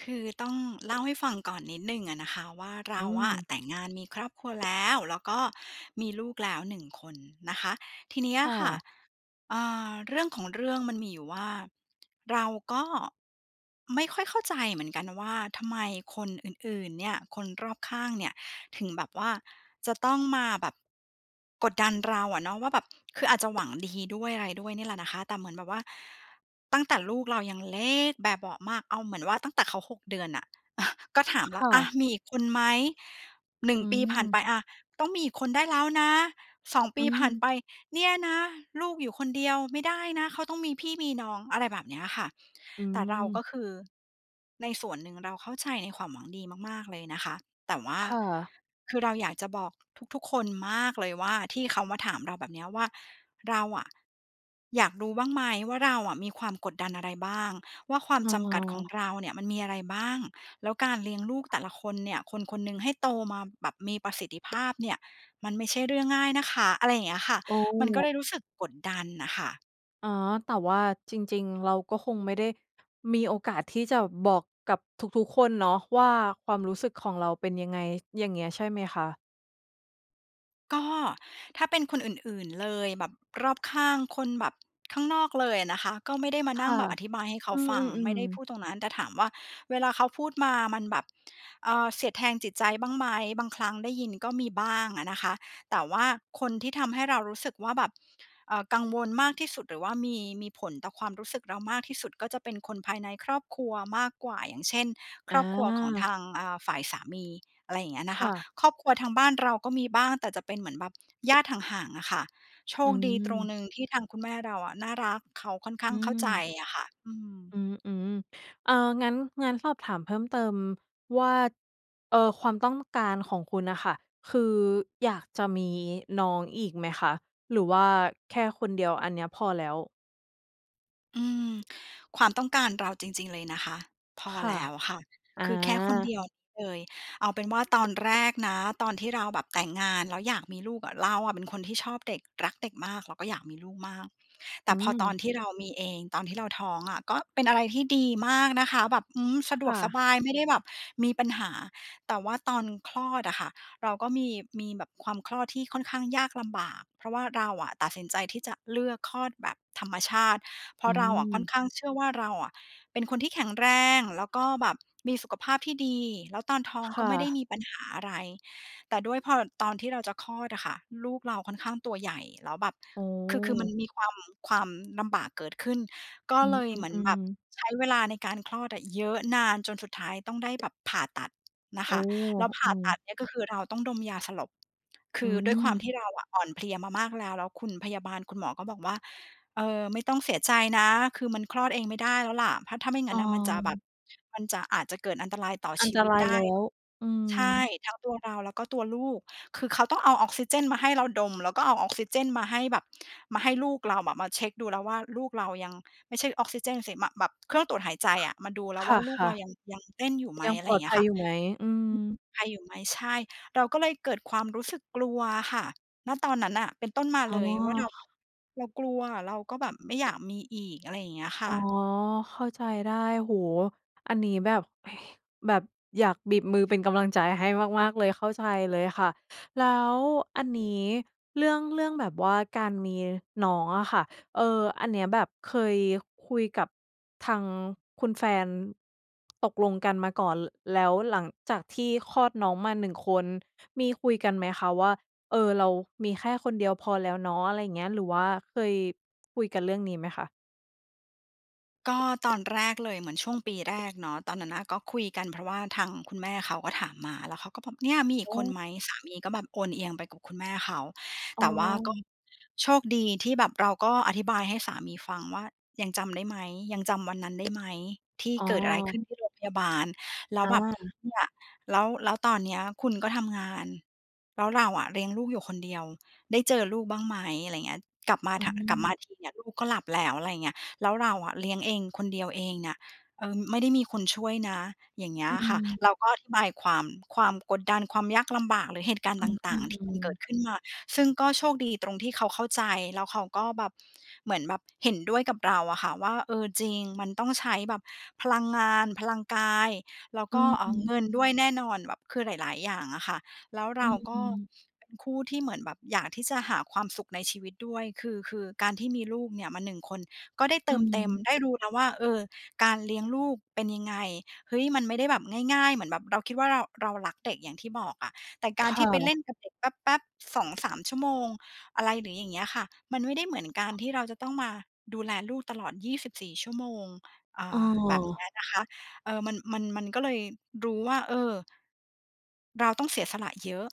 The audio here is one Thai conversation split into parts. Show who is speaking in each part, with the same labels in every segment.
Speaker 1: คือต้อง เล่าให้ฟังก่อนนิดหนึ่งอะนะคะว่า เร
Speaker 2: อื
Speaker 1: าอะ
Speaker 2: ม
Speaker 1: แต่งงานมีครอบครัวแล้ว แล้วก็มีลูกแล้ว 1 คนนะคะ ทีเนี้ย
Speaker 2: ค่
Speaker 1: ค่ะ
Speaker 2: ะ
Speaker 1: อ่า เรื่องของเรื่องมันมีอยู่ว่า เราก็ ไม่ค่อยเข้าใจเหมือนกันนะว่า ทำไมคนอื่น ๆ เนี่ย คนรอบข้างเนี่ย ถึงแบบว่าจะต้องมาแบบ กดดันเราอะเนาะว่าแบบ คืออาจจะหวังดี ด้วยอะไรด้วยเนี่ยแหละนะคะ แต่เหมือนแบบว่า ตั้งแต่ลูกเรายังเล็กแบเบาะมาก เอาเหมือนว่าตั้งแต่เขา 6 เดือนน่ะ ก็ถาม
Speaker 2: ค
Speaker 1: แล้ว
Speaker 2: ่
Speaker 1: "อะ
Speaker 2: ะ
Speaker 1: มีอีกคนไหม?" 1
Speaker 2: อื
Speaker 1: ปีผ่านไ
Speaker 2: ม
Speaker 1: ป "อะ ต้องมีอีกคนได้แล้วนะ" 2 ป
Speaker 2: อื
Speaker 1: ีผ่านไ
Speaker 2: ม
Speaker 1: ป "เนี่ยนะ ลูกอยู่คนเดียวไม่ได้นะ เขาต้องมีพี่มีน้อง" อะไรแบบเนี้ยค่ะ
Speaker 2: อื
Speaker 1: แต่เรา ก
Speaker 2: ม
Speaker 1: ็คือในส่วนหนึ่งเราเข้าใจในความหวังดีมาก ๆ เลยนะคะ แต่ว่า
Speaker 2: ค่ะ
Speaker 1: คือเราอยากจะบอกทุก ๆ คนมากเลยว่า ที่เขามาถามเราแบบเนี้ยว่า เราอะ อยากรู้บ้างไหมว่า เราอะมีความกดดันอะไรบ้าง? ว่า ความ
Speaker 2: อ๋อ
Speaker 1: จำกัดของเราเนี่ย มันมีอะไรบ้าง? แล้วการเลี้ยงลูกแต่ละคนเนี่ย คนคนหนึ่งให้โตมาแบบมีประสิทธิภาพ เนี่ย มันไม่ใช่เรื่องง่ายนะคะ อะไรเงี้ยค่ะ
Speaker 2: โอ้!
Speaker 1: มันก็เลยรู้สึกกดดันน่ะค่ะ
Speaker 2: อ๋อ แต่ว่าจริง ๆ เราก็คงไม่ได้มีโอกาสที่จะบอกกับทุก ๆ คนเนาะว่า ความรู้สึกของเราเป็นยังไง อย่างเงี้ยใช่ไหมคะ?
Speaker 1: ก็ ถ้าเป็นคนอื่น ๆ เลย แบบรอบข้าง คนแบบข้างนอกเลยอะนะคะ ก็ไม่ได้มา
Speaker 2: ค
Speaker 1: นั่ง
Speaker 2: ่ะ
Speaker 1: แบบอธิบายให้เข
Speaker 2: อ
Speaker 1: า
Speaker 2: ื
Speaker 1: ฟัง ไม
Speaker 2: ม
Speaker 1: ่ได้พู
Speaker 2: ๆ ๆ
Speaker 1: ดตรงนั้น แต่ถามว่า เวลาเขาพูดมามันแบบ เอ่อ เสียดแทงจิตใจบ้างไหม บางครั้งได้ยินก็มีบ้างอะนะคะ แต่ว่าคนที่ทำให้เรารู้สึกว่าแบบ เอ่อ กังวลมากที่สุดหรือว่ามี มีผลต่อความรู้สึกเรามากที่สุด ก็จะเป็นคนภายในครอบครัวมากกว่า อย่างเช่น ค
Speaker 2: อ
Speaker 1: รอบครัวของท
Speaker 2: า
Speaker 1: าง อ่า ฝ่ายสามี อะไรอย่างเงี้ยน
Speaker 2: ค
Speaker 1: ะค
Speaker 2: ่
Speaker 1: ะ
Speaker 2: ะ
Speaker 1: ครอบครัวทางบ้านเราก็มีบ้างแต่จะเป็นเหมือนแบบ ญาติห่าง ๆ อะค่ะ โช
Speaker 2: อื
Speaker 1: คดีตรง
Speaker 2: ม
Speaker 1: หนึ่งที่ทางคุณแม่เราอะน่ารัก เขาค่อนข้
Speaker 2: อ
Speaker 1: า
Speaker 2: ื
Speaker 1: งเข้าใจ
Speaker 2: ม
Speaker 1: อะค่ะ อืม
Speaker 2: อืม ๆ อา งั้น งั้นสอบถามเพิ่มเติมว่า เอ่อ ความต้องการของคุณน่ะค่ะ คืออยากจะมีน้องอีกไหมคะ หรือว่าแค่คนเดียวอันเนี้ยพอแล้ว?
Speaker 1: อืม ความต้องการเราจริง ๆ เลยนะคะ พอ
Speaker 2: ค่
Speaker 1: แ
Speaker 2: ะ
Speaker 1: ล้วค่ะ
Speaker 2: อ
Speaker 1: คือแค่คนเ
Speaker 2: า
Speaker 1: ดียวนี้เลย เอาเป็นว่าตอนแรกนะ ตอนที่เราแบบแต่งงาน แล้วอยากมีลูกอะ เราอะเป็นคนที่ชอบเด็ก รักเด็กมาก เราก็อยากมีลูกมาก แต
Speaker 2: อ
Speaker 1: ่
Speaker 2: ื
Speaker 1: พอตอน
Speaker 2: ม
Speaker 1: ที่เรามีเอง ตอนที่เราท้องอะ ก็เป็นอะไรที่ดีมากนะคะแบบ อืม สะด
Speaker 2: ค
Speaker 1: วก
Speaker 2: ่
Speaker 1: ส
Speaker 2: ะ
Speaker 1: บายไม่ได้แบบมีปัญหา แต่ว่าตอนคลอดอะค่ะ เราก็มี มีแบบความคลอดที่ค่อนข้างยากลำบาก เพราะว่าเราอะตัดสินใจที่จะเลือกคลอดแบบธรรมชาติ เพรา
Speaker 2: อื
Speaker 1: ะเราอะค่อน
Speaker 2: ม
Speaker 1: ข้างเชื่อว่า เราอะเป็นคนที่แข็งแรง แล้วก็แบบมีสุขภาพที่ดี แล้วตอนท้อง
Speaker 2: ค
Speaker 1: ก็
Speaker 2: ่
Speaker 1: ไม่ได้
Speaker 2: ะ
Speaker 1: มีปัญหาอะไร แต่ด้วยพอตอนที่เราจะคลอดอะค่ะ ลูกเราค่อนข้างตัวใหญ่ แล้วแบบ
Speaker 2: โอ้
Speaker 1: คือ คือมันมีความ ความลำบากเกิดขึ้น ก็
Speaker 2: อื
Speaker 1: เลยเหมือนแบ
Speaker 2: ม
Speaker 1: บ
Speaker 2: ๆ ๆ
Speaker 1: ใช้เวลาในการคลอดอะ เยอะนานจนสุดท้ายต้องได้แบบผ่าตัดนะ
Speaker 2: โอ
Speaker 1: ค
Speaker 2: ้!
Speaker 1: ะ แล้วผ่
Speaker 2: อื
Speaker 1: าตั
Speaker 2: ม
Speaker 1: ดเนี่ย ก็คือเราต้องดมยาสลบ ค
Speaker 2: อื
Speaker 1: ือด้วยความ
Speaker 2: ม
Speaker 1: ที่เราอะ อ่อนเพลียมามากแล้ว แล้วคุณพยาบาล คุณหมอก็บอกว่า เอ่อ ไม่ต้องเสียใจนะ คือมันคลอดเองไม่ได้แล้วล่ะ ถ้า ถ้าไม่งั
Speaker 2: อ
Speaker 1: ้
Speaker 2: ๋อ
Speaker 1: นมันจะแบบ มันจะ อาจจะเกิดอันตรายต่อ
Speaker 2: อั
Speaker 1: ช
Speaker 2: น
Speaker 1: ี
Speaker 2: ต
Speaker 1: วิ
Speaker 2: ร
Speaker 1: ต
Speaker 2: า
Speaker 1: ไ
Speaker 2: ย
Speaker 1: ด้
Speaker 2: แล้ว อื
Speaker 1: ใช่
Speaker 2: ม
Speaker 1: ทั้งตัวเราแล้วก็ตัวลูก คือเขาต้องเอาออกซิเจนมาให้เราดม แล้วก็เอาออกซิเจนมาให้แบบมาให้ลูกเราอะ มาเช็กดูแล้วว่า ลูกเรายัง ไม่ใช่ออกซิเจนสิ ม แบบเครื่องตรวจหายใจอะ มาดูแล้วว่า ลู
Speaker 2: ค
Speaker 1: ก
Speaker 2: ่
Speaker 1: เร
Speaker 2: ะ
Speaker 1: า
Speaker 2: ๆ
Speaker 1: ยัง ยังเต้นอยู่ไหม
Speaker 2: ยัง
Speaker 1: อะไ
Speaker 2: ป
Speaker 1: ร
Speaker 2: ลอด
Speaker 1: เงี้
Speaker 2: ภั
Speaker 1: ยค
Speaker 2: ย
Speaker 1: ่ะ
Speaker 2: อยู่ไหม? อืม
Speaker 1: ไออยู่ไหม? ใช่ เราก็เลยเกิดความรู้สึกกลัวอะค่ะ ณ ตอนนั้นน่ะ เป็นต้นมา
Speaker 2: อ๋
Speaker 1: เ
Speaker 2: อ
Speaker 1: ลยว่า เรา
Speaker 2: ค
Speaker 1: เรากลัว เราก็แบบไม่อยากมีอีก อะไรอย่างเงี้ยค่
Speaker 2: อ๋อ
Speaker 1: ะ
Speaker 2: เข้าใจได้ โอ้โฮ! อันนี้แบบ แบบอยากบีบมือ เป็นกำลังใจให้มาก ๆ เลย เข้าใจเลยค่ะ แล้วอันนี้เรื่อง เรื่องแบบว่าการมีน้องอะค่ะ เอ่อ อันเนี้ย แบบเคยคุยกับทางคุณแฟนตกลงกันมาก่อน ล แล้วหลังจากที่คลอดน้องมา 1 คน มีคุยกันไหมคะว่า เออเรามีแค่คนเดียวพอแล้วเนาะ อะไรอย่างเงี้ย หรือว่าเคยคุยกันเรื่องนี้ไหมคะ?
Speaker 1: ก็ตอนแรกเลย เหมือนช่วงปีแรกเนาะ ตอนนั้นน่ะ ก็คุยกันเพราะว่าทางคุณแม่เขาก็ถามมา แล้วเขาก็บอก เนี่ยมีอ
Speaker 2: โ
Speaker 1: ีกคน
Speaker 2: อ้
Speaker 1: ไหม สามีก็แบบโอนเอียงไปกับคุณแม่เขา
Speaker 2: อ๋
Speaker 1: แต่ว่าก็
Speaker 2: อ
Speaker 1: โชคดีที่แบบเราก็อธิบายให้สามีฟังว่า ยังจำได้ไหม ยังจำวันนั้นได้ไหม ที่
Speaker 2: อ๋อ
Speaker 1: เกิดอะไรขึ้นที่โรงพยาบาล แล้ว
Speaker 2: อ
Speaker 1: แบบ
Speaker 2: า
Speaker 1: เนี่ย แล้ว แล้วตอนนี้คุณก็ทำงาน แล้วเราอะเลี้ยงลูกอยู่คนเดียว ได้เจอลูกบ้างไหม อะไรอย่างเงี้ย กลับมา
Speaker 2: อื
Speaker 1: ท กลับมา
Speaker 2: ม
Speaker 1: ทีเนี่ย ลูกก็หลับแล้ว อะไรอย่างเงี้ย แล้วเราอะเลี้ยงเองคนเดียวเองเนี่ย เอ่อ ไม่ได้มีคนช่วยนะ อย่างเงี้
Speaker 2: อ
Speaker 1: ย
Speaker 2: ื
Speaker 1: อะค่ะ เ
Speaker 2: ม
Speaker 1: ราก็อธิบายความ ความกดดัน ความยากลำบากหรือเหตุการณ
Speaker 2: อ
Speaker 1: ์
Speaker 2: ื
Speaker 1: ต่าง ๆ ที่มั
Speaker 2: ม
Speaker 1: นเกิ
Speaker 2: ๆ ๆ
Speaker 1: ดขึ้นมา ซึ่งก็โชคดีตรงที่เขาเข้าใจ แล้วเขาก็แบบ เหมือนแบบเห็นด้วยกับเราอะค่ะ ว่า เออ จริง มันต้องใช้แบบพลังงาน พลังกาย แล้ว
Speaker 2: อื
Speaker 1: ก็ เอ่อ
Speaker 2: ม
Speaker 1: เง
Speaker 2: ๆ
Speaker 1: ินด้วยแน่นอนแบบ คือหลาย ๆ อย่างอะค่ะ แล้ว
Speaker 2: อ
Speaker 1: เร
Speaker 2: ื
Speaker 1: าก็
Speaker 2: ม ๆ
Speaker 1: เป็นคู่ที่เหมือนแบบอยากที่จะหาความสุขในชีวิตด้วย คือ คือการที่มีลูกเนี่ยมา 1 คน ก็ได้เ
Speaker 2: อ
Speaker 1: ติมเต็ม
Speaker 2: ืม
Speaker 1: ได้รู้นะว่า เออ การเลี้ยงลูกเป็นยังไง เฮ้ย มันไม่ได้แบบง่าย ๆ เหมือนแบบเราคิดว่าเรา เรารักเด็กอย่างที่บอกอะ แต่ก
Speaker 2: ค
Speaker 1: ารที
Speaker 2: ่
Speaker 1: ่ไปเล่
Speaker 2: ะ
Speaker 1: นกับเด็กแป๊บ ๆ 2-3 ชั่วโมง อะไรหรืออย่างเงี้ยอะค่ะ มันไม่ได้เหมือนการที่เราจะต้องมาดูแลลูกตลอด 24 ชั่วโมง อ่
Speaker 2: อ้
Speaker 1: า แบบนี้
Speaker 2: อ
Speaker 1: นะคะ เออ มัน มัน มันก็เลยรู้ว่า เออ เราต้องเสียสละเยอะ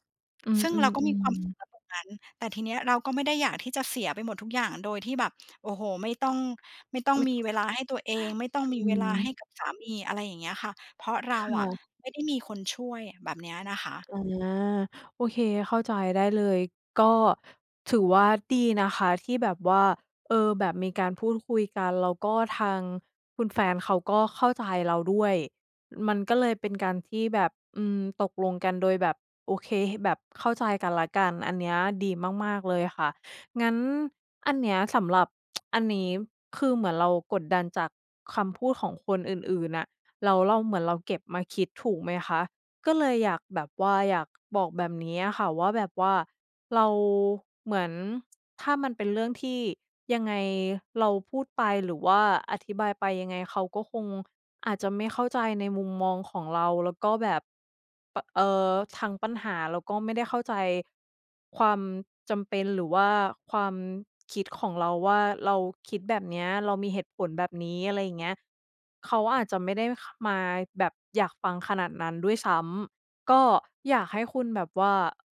Speaker 2: อื
Speaker 1: ซ
Speaker 2: ม
Speaker 1: ึ่งเราก็มีความสุ
Speaker 2: ๆ
Speaker 1: ข
Speaker 2: ๆ
Speaker 1: ณ ตรงนั้น แต่ทีนี้เราก็ไม่ได้อยากที่จะเสียไปหมดทุกอย่างโดยที่แบบ โอ้โฮ ไม่ต้อง ไม่ต้อง
Speaker 2: ไม
Speaker 1: มีเวลา
Speaker 2: ่
Speaker 1: ให้ตัวเอง ไม่ต้อง
Speaker 2: อ
Speaker 1: มี
Speaker 2: ื
Speaker 1: เวลาให้
Speaker 2: ม
Speaker 1: กับสามี อะไรอย่างเงี้ยค่ะ เพราะเร
Speaker 2: ค
Speaker 1: าอ
Speaker 2: ่
Speaker 1: ะ
Speaker 2: ะ
Speaker 1: ไม่ได้มีคนช่วยแบบเนี้ยนะคะ
Speaker 2: อา โอเค เข้าใจได้เลย ก็ถือว่าดีนะคะที่แบบว่า เออ แบบมีการพูดคุยกัน แล้วก็ทางคุณแฟนเขาก็เข้าใจเราด้วย มันก็เลยเป็นการที่แบบ อืม ตกลงกันโดยแบบ โอเค แบบเข้าใจกันและกัน อันเนี้ยดีมาก ๆ เลยค่ะ งั้นอันเนี้ยสำหรับ อันนี้คือเหมือนเรากดดันจากคำพูดของคนอื่น ๆ น่ะ แล้วเรา เหมือนเราเก็บมาคิด ถูกไหมคะ ก็เลยอยากแบบว่า อยากบอกแบบนี้อะค่ะว่า แบบว่าเราเหมือน ถ้ามันเป็นเรื่องที่ยังไงเราพูดไป หรือว่าอธิบายไปยังไงเขาก็คงอาจจะไม่เข้าใจในมุมมองของเราแล้วก็แบบ ป เอ่อ ทั้งปัญหาเราก็ไม่ได้เข้าใจความจำเป็น หรือว่าความคิดของเราว่า เราคิดแบบเนี้ย เรามีเหตุผลแบบนี้ อะไรอย่างเงี้ย เขาอาจจะไม่ได้ ข มาแบบอยากฟังขนาดนั้นด้วยซ้ำ ก็อยากให้คุณแบบว่า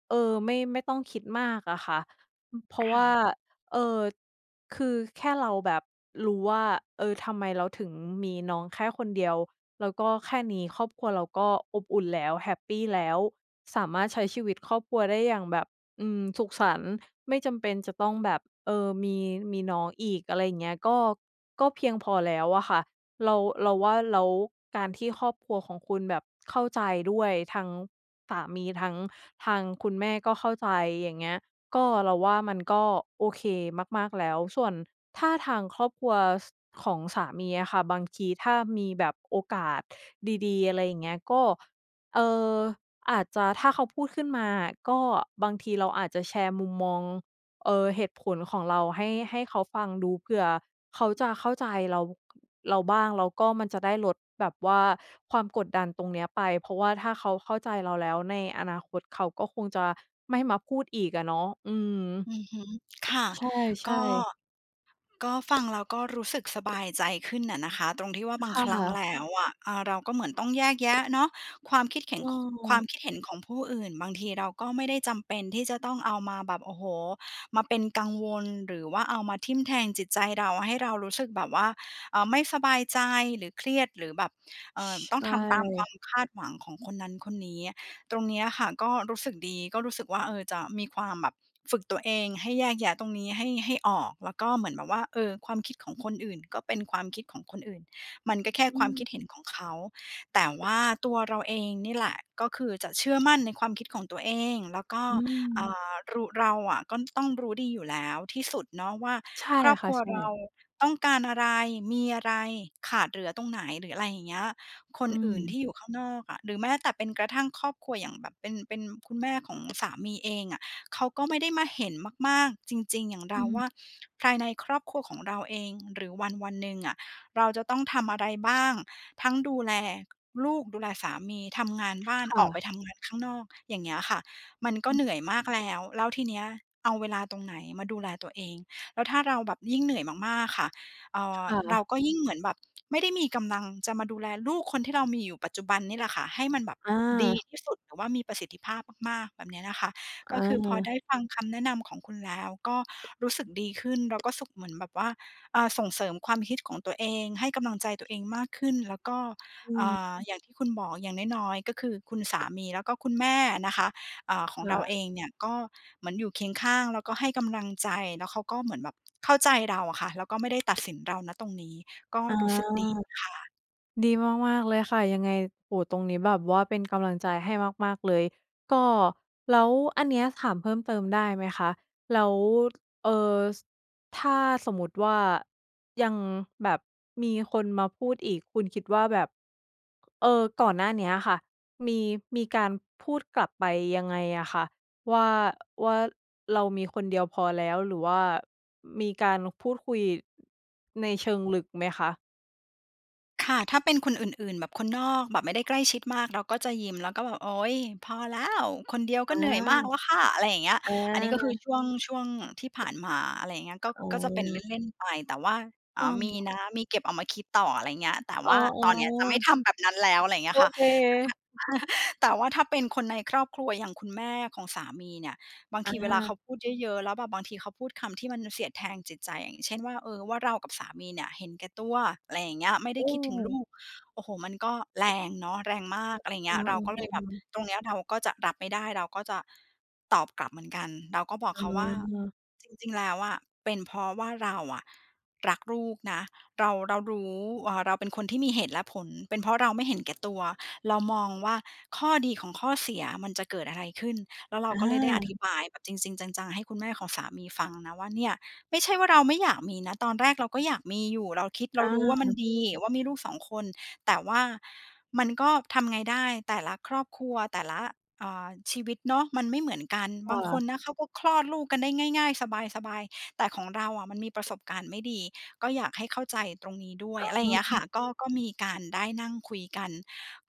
Speaker 2: เออ ไม่ ไม่ต้องคิดมากอะค่ะ เพราะ
Speaker 1: ค
Speaker 2: ว
Speaker 1: ่
Speaker 2: ่า
Speaker 1: ะ
Speaker 2: เออ คือแค่เราแบบรู้ว่า เออ ทำไมเราถึงมีน้องแค่คนเดียว แล้วก็แค่นี้ครอบครัวเราก็อบอุ่นแล้วแฮปปีแล้ว สามารถใช้ชีวิตครอบครัวได้อย่างแบบ อืม สุขสันต์ ไม่จำเป็นจะต้องแบบ เออ มี มีน้องอีก อะไรอย่างเงี้ย ก็ ก็เพียงพอแล้วอะค่ะ เรา เราว่าแล้วการที่ครอบครัวของคุณแบบเข้าใจด้วย ทางสามี ทั้งทางคุณแม่ก็เข้าใจอย่างเงี้ย ก็เราว่ามันก็โอเคมาก ๆ แล้ว ส่วนถ้าทางครอบครัว ส ของสามีอะค่ะ บางทีถ้ามีแบบโอกาสดี ๆ อะไรอย่างเงี้ย ก็ เอ่อ อาจจะถ้าเขาพูดขึ้นมาก็บางทีเราอาจจะแชร์มุมมอง เอ่อ เหตุผลของเราให้ ให้เขาฟังดูเผื่อเขาจะเข้าใจเรา เราบ้างแล้วก็มันจะได้ลดแบบว่าความกดดันตรงนี้ไป เพราะว่าถ้าเขาเข้าใจเราแล้วในอนาคตเขาก็คงจะไม่มาพูดอีกอะเนาะ อืม
Speaker 1: อือฮึ ค่ะ
Speaker 2: ใช
Speaker 1: ก
Speaker 2: ่
Speaker 1: ็
Speaker 2: ๆ
Speaker 1: ก็ ฟังแล้วก็รู้สึกสบาย ใจขึ้นอะนะคะ ตรงที่ว่าบา
Speaker 2: ค
Speaker 1: ง
Speaker 2: ่
Speaker 1: ครั้ง
Speaker 2: ะ
Speaker 1: แล้วอะ อ่า เราก็เหมือนต้องแยก แยะเนาะ ความคิดเห็
Speaker 2: อ
Speaker 1: น
Speaker 2: ื
Speaker 1: ข ความ
Speaker 2: ม
Speaker 1: คิดเห็นของผู้อื่น บางทีเราก็ไม่ได้จำเป็นที่จะต้องเอามาแบบ โอ้โฮ มาเป็นกังวล หรือว่าเอามาทิ่มแทงจิตใจเรา ให้เรารู้สึกแบบว่า เอ่อ ไม่สบายใจหรือเครียด หรือแบบ เอ่อ
Speaker 2: ใ
Speaker 1: ต
Speaker 2: ช
Speaker 1: ้องทำตามควา
Speaker 2: ่
Speaker 1: มคาดหวังของคนนั้นคนนี้ ตรงนี้อะค่ะก็รู้สึกดี ก็รู้สึกว่า เออ จะมีความแบบ ฝึกตัวเอง ให้แยกแยะตรงนี้ให้ ให้ออก แล้วก็เหมือนแบบว่า เออ ความคิดของคนอื่นก็เป็นความคิดของคนอื่น มันก็แค่
Speaker 2: อื
Speaker 1: ความคิดเห็
Speaker 2: ม
Speaker 1: นของเขา แต่ว่าตัวเราเองนี่แหละ ก็คือจะเชื่อมั่นในความคิดของตัวเอง แล้วก็
Speaker 2: อื
Speaker 1: อ่
Speaker 2: ม
Speaker 1: า รู เราอะก็ต้องรู้ดีอยู่แล้วที่สุดเนาะว่า
Speaker 2: ใช่
Speaker 1: ครอบ
Speaker 2: ค
Speaker 1: ค
Speaker 2: ่ะ
Speaker 1: รัว
Speaker 2: ใช่
Speaker 1: เราต้องการอะไร มีอะไรขาดเหลือตรงไหน หรืออะไรอย่างเงี้ย คน
Speaker 2: อื
Speaker 1: อื่นที
Speaker 2: ม
Speaker 1: ่อยู่ข้างนอกอะ หรือแม้แต่เป็นกระทั่งครอบครัวอย่างแบบเป็น เป็นคุณแม่ของ สามีเองอะ เขาก็ไม่ได้มาเห็นมาก ๆ จริง ๆ อย่างเ
Speaker 2: อ
Speaker 1: ร
Speaker 2: ื
Speaker 1: าว
Speaker 2: ม
Speaker 1: ่า ภายในครอบครัวของเราเอง หรือวันวันหนึ่งอะ เราจะต้องทำอะไรบ้าง ทั้งดูแลลูก ดูแลสามี ทำงานบ้าน
Speaker 2: ค่
Speaker 1: ออกไป
Speaker 2: ะ
Speaker 1: ทำงานข้างนอก อย่างเงี้ยอะค่ะ มันก็
Speaker 2: อ
Speaker 1: เหนื่อยมากแล้ว แล้วทีเนี้ยเอาเวลาตรงไหนมาดูแลตัวเอง แล้วถ้าเราแบบยิ่งเหนื่อยมาก ๆ ค่ะ เอ่
Speaker 2: ค
Speaker 1: อ
Speaker 2: ่
Speaker 1: เร
Speaker 2: ะ
Speaker 1: าก็ยิ่งเหมือนแบบ ไม่ได้มีกำลังจะมาดูแลลูกคนที่เรามีอยู่ปัจจุบันนี่แหละค่ะ ให้มันแบบ
Speaker 2: อา
Speaker 1: ดีที่สุด หรือว่ามีประสิทธิภาพมาก ๆ แบบนี้นะคะ
Speaker 2: เ
Speaker 1: ก็คือพอไ
Speaker 2: ออ
Speaker 1: ด้ฟังคำแนะนำของคุณแล้ว ก็ รู้สึกดีขึ้น แล้ว ก็สุขเหมือนแบบว่า เอ่อ ส่งเสริมความคิดของตัวเอง ให้กำลังใจตัวเองมากขึ้น แล้วก็
Speaker 2: อื
Speaker 1: อ่
Speaker 2: ม
Speaker 1: า อย่างที่คุณบอกอย่างน้อย ๆ ก็คือคุณสามี แล้วก็คุณแม่นะคะ อ่า ของ
Speaker 2: เหร
Speaker 1: เรา
Speaker 2: อ?
Speaker 1: เองเนี่ย ก็เหมือนอยู่เคียงข้าง แล้วก็ให้กำลังใจแล้วเขาก็เหมือนแบบเข้าใจเราอะค่ะ แล้วก็ไม่ ได้ตัดสินเรา ณ ตรงนี้ ก็
Speaker 2: อ๋อ
Speaker 1: รู้สึกดีค่ะ
Speaker 2: ดีมาก ๆ เลยค่ะ ยังไง โอ้โฮ ตรงนี้แบบว่าเป็นกำลังใจให้มาก ๆ เลย ก็แล้วอันนี้ถามเพิ่มเติมได้ไหมคะ แล้ว เอ่อ ถ้าสมมุติว่า ยังแบบมีคนมาพูดอีก คุณคิดว่าแบบ เออ ก่อนหน้าเนี้ยอะค่ะ มี มีการพูดกลับไปยังไงอะคะ ว่า ว่าเรามีคนเดียวพอแล้วหรือว่ามีการพูดคุยในเชิงลึกไหมคะ?
Speaker 1: ค่ะ ถ้าเป็นคนอื่น ๆ แบบคนนอก แบบไม่ได้ใกล้ชิดมาก เราก็จะยิ้ม แล้วก็แบบ "โอ๊ย! พอแล้ว คนเดียว
Speaker 2: อ
Speaker 1: ก็
Speaker 2: า
Speaker 1: เหนื่อยมากแล้วค่ะ" อะไรอย่างเงี้ย
Speaker 2: อ
Speaker 1: อันนี้ก็คือ
Speaker 2: า
Speaker 1: ช่วง ช่วงที่ผ่านมา อะไรอย่างเงี้ย ก็
Speaker 2: อ๋
Speaker 1: ก็จะเป็นเ
Speaker 2: อ
Speaker 1: ล่น ๆ ไป แต่ว่า
Speaker 2: เ
Speaker 1: อ่า มี
Speaker 2: ออ
Speaker 1: นะ มีเก็บเอามาคิดต่อ อะไรอย่างเงี้ย แต่
Speaker 2: อ
Speaker 1: ว
Speaker 2: ๋อ
Speaker 1: ่าตอนเนี้ย จะไม่
Speaker 2: ๆ
Speaker 1: ทำแบบนั้นแล้ว อะไรเงี้
Speaker 2: โอ
Speaker 1: ยค่ะ
Speaker 2: เค
Speaker 1: แต่ถ้า แต่ว่าถ้าเป็นคนในครอบครัวอย่างคุณแม่ของสามีเนี่ย บาง
Speaker 2: อ
Speaker 1: ทีเวลาเ
Speaker 2: า
Speaker 1: ขาพูดเยอะ ๆ แล้วแบบบางทีเขาพูดคำที่มันเสียดแทงจิตใจ อย่างเช่นว่า เออ ว่า "เรากับสามีเนี่ยเห็นแก่ตัว" อะไรอย่างเงี้ย "ไม่ได้
Speaker 2: อื
Speaker 1: คิดถึงลู
Speaker 2: ม
Speaker 1: ก" โอ้โฮ มันก็แรงเนาะ แรงมาก อะไรเง
Speaker 2: อ
Speaker 1: ี้
Speaker 2: ื
Speaker 1: ย
Speaker 2: อ
Speaker 1: เราก็
Speaker 2: เ
Speaker 1: เล
Speaker 2: อ
Speaker 1: ยแบบ
Speaker 2: อ ๆ ๆ
Speaker 1: ตรงเนี้ยเราก็จะรับไม่ได้ เราก็จะตอบกลับเหมือนกัน เราก็บอก
Speaker 2: อ๋
Speaker 1: เขาว่า
Speaker 2: อ
Speaker 1: "จริง ๆ แล้วอะ เป็นเพราะว่าเราอะรักลูกนะ เรา เรารู้ เอ่อ เราเป็นคนที่มีเหตุและผล เป็นเพราะเราไม่เห็นแก่ตัว เรามองว่าข้อดีของข้อเสียมันจะเกิดอะไรขึ้น" แล้วเรา
Speaker 2: อ
Speaker 1: ก็เลยได้อ
Speaker 2: า
Speaker 1: ธิบายแบบจริง ๆ จัง ๆ ให้คุณแม่ของสามีฟังนะว่า "เนี่ย ไม่ใช่ว่าเราไม่อยากมีนะ ตอนแรกเราก็อยากมีอยู่ เราคิด เร
Speaker 2: อ
Speaker 1: ารู้ว่า มัน
Speaker 2: า
Speaker 1: ดีว่ามีลูก 2 คน แต่ว่า มันก็ทำไงได้แต่ละครอบครัว แต่ละ เอ่อ ชีวิตเนาะ มันไม่เหมือนกัน
Speaker 2: ค
Speaker 1: บ
Speaker 2: ่
Speaker 1: างค
Speaker 2: ะ
Speaker 1: นนะเขาก็คลอดลูกกันได้ง่าย ๆ สบาย ๆ แต่ของเราอะมันมีประสบการณ์ไม่ดี ก็อยากให้เข้าใจตรงนี้ด้วย"
Speaker 2: อ๋
Speaker 1: อะไรอย่างเงี้ยอะค
Speaker 2: อ
Speaker 1: ่ะ ก็ ก็มีการได้นั่งคุยกัน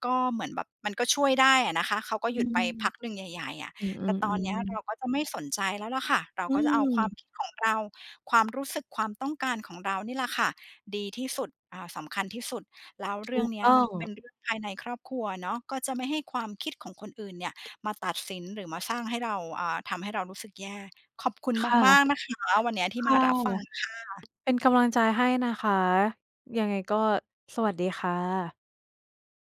Speaker 1: ก็เหมือนแบบ มันก็ช่วยได้อะนะคะ เขาก็
Speaker 2: อื
Speaker 1: หยุดไป
Speaker 2: ม
Speaker 1: พักหนึ่งใหญ่ ๆ อะ
Speaker 2: อื
Speaker 1: แต่
Speaker 2: อ
Speaker 1: ตอนเนี้ยเร
Speaker 2: ๆ
Speaker 1: า
Speaker 2: ๆ
Speaker 1: ก็จะไม่สนใจแล้วล่ะค่ะ เรา
Speaker 2: อื
Speaker 1: ก็จะเอาความ
Speaker 2: ม
Speaker 1: คิดของเรา ความรู้สึกความต้องการของเรานี่แหละค่ะ ดีที่สุด อ่า สำคัญที่สุด แล้ว
Speaker 2: ถ
Speaker 1: เรื่
Speaker 2: ู
Speaker 1: อง
Speaker 2: ก
Speaker 1: เนี้ย
Speaker 2: ต้อ
Speaker 1: มัน
Speaker 2: ง
Speaker 1: ก็เป็นเรื่องภายในครอบครัวเนาะ ก็จะไม่ให้ความคิดของคนอื่นเนี่ยมาตัดสิน หรือมาสร้างให้เรา อ่า ทำให้เรารู้สึกแย่ ขอบคุณ
Speaker 2: ค่ะ
Speaker 1: มาก ๆ นะคะ วันเนี้ยที
Speaker 2: ค
Speaker 1: ่ม
Speaker 2: ่
Speaker 1: า
Speaker 2: ะ
Speaker 1: รับฟังค่ะ
Speaker 2: เป็นกำลังใจให้นะคะ ยังไงก็สวัสดีค่ะ